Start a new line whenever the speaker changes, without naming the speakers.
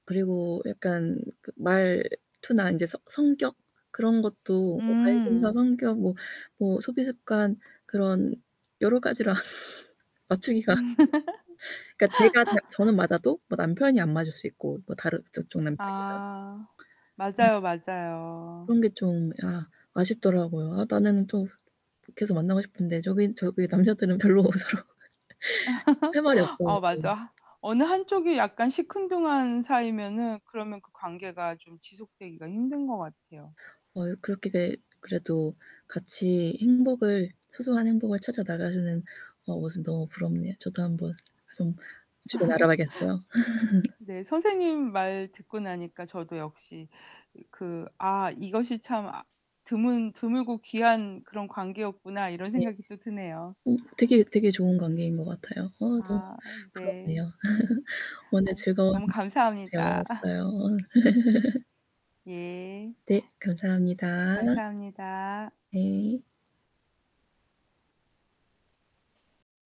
그리고 약간 말투나 이제 성 성격 그런 것도 관심사,
음.
성격, 뭐 소비 습관 그런 여러가지라 맞추기가 그니까 제가 자 저는 맞아도 뭐 남편이 안 맞을 수 있고 뭐 다른 저쪽 남편이랑.
아 맞아요, 맞아요.
그런 게 좀 아 아쉽더라고요. 아 나는 좀 계속 만나고 싶은데 저기 저기 남자들은 별로 어서. 할 말이
어
없어갖고.
맞아. 어느 1 쪽이 약간 시큰둥한 사이면은 그러면 그 관계가 좀 지속되기가 힘든 것 같아요.
월 그렇게 될 그래도 같이 행복을 소소한 행복을 찾아 나가시는 모습 너무 부럽네요. 저도 한번 좀 주변에 알아봐야겠어요.
네, 선생님 말 듣고 나니까 저도 역시 그 '아 이것이 참 아 드문 드물고 귀한 그런 관계였구나.' 이런
네.
생각이 또 드네요.
어 되게 되게 좋은 관계인 것 같아요. 어 너무
아 네.
부럽네요. 오늘
아.
즐거운
너무 감사합니다.
대화였어요.
예.
네 감사합니다.
감사합니다.
네.